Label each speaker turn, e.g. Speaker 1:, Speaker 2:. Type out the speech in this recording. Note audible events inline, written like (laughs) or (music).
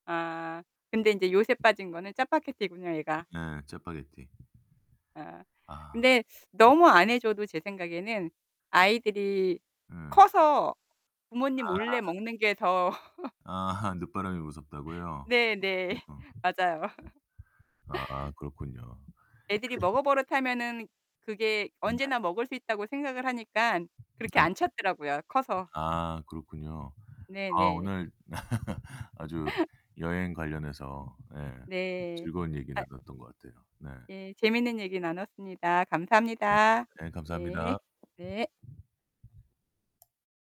Speaker 1: 아. 근데 인제 요새 빠진 거는 짜파게티군요, 애가.
Speaker 2: 네, 짜파게티.
Speaker 1: 아.
Speaker 2: 아.
Speaker 1: 근데
Speaker 2: 음.
Speaker 1: 너무 안 해 줘도 제 생각에는 아이들이
Speaker 2: 음.
Speaker 1: 커서 부모님 몰래
Speaker 2: 아.
Speaker 1: 먹는 게 더 (laughs)
Speaker 2: 아. 늦바람이 무섭다고요? 아,
Speaker 1: 네네.
Speaker 2: 그렇구나.
Speaker 1: (laughs)
Speaker 2: 네.
Speaker 1: 맞아요. (laughs)
Speaker 2: 아, 그렇군요.
Speaker 1: 애들이 먹어 버릇하면은 그게
Speaker 2: 음
Speaker 1: 언제나
Speaker 2: 네.
Speaker 1: 먹을 수 있다고 생각을 하니깐 그렇게
Speaker 2: 네 네.
Speaker 1: 안 찾더라고요, 커서.
Speaker 2: 아, 그렇군요. 아,
Speaker 1: 네네.
Speaker 2: 오늘 (laughs) 아주 여행 관련해서 예
Speaker 1: 네.
Speaker 2: 즐거운 얘기
Speaker 1: 아
Speaker 2: 나눴던 것 같아요. 네.
Speaker 1: 예, 재밌는 얘기 나눴습니다.
Speaker 2: 네.
Speaker 1: 감사합니다.
Speaker 2: 네,
Speaker 1: 예.
Speaker 2: 감사합니다.
Speaker 1: 네.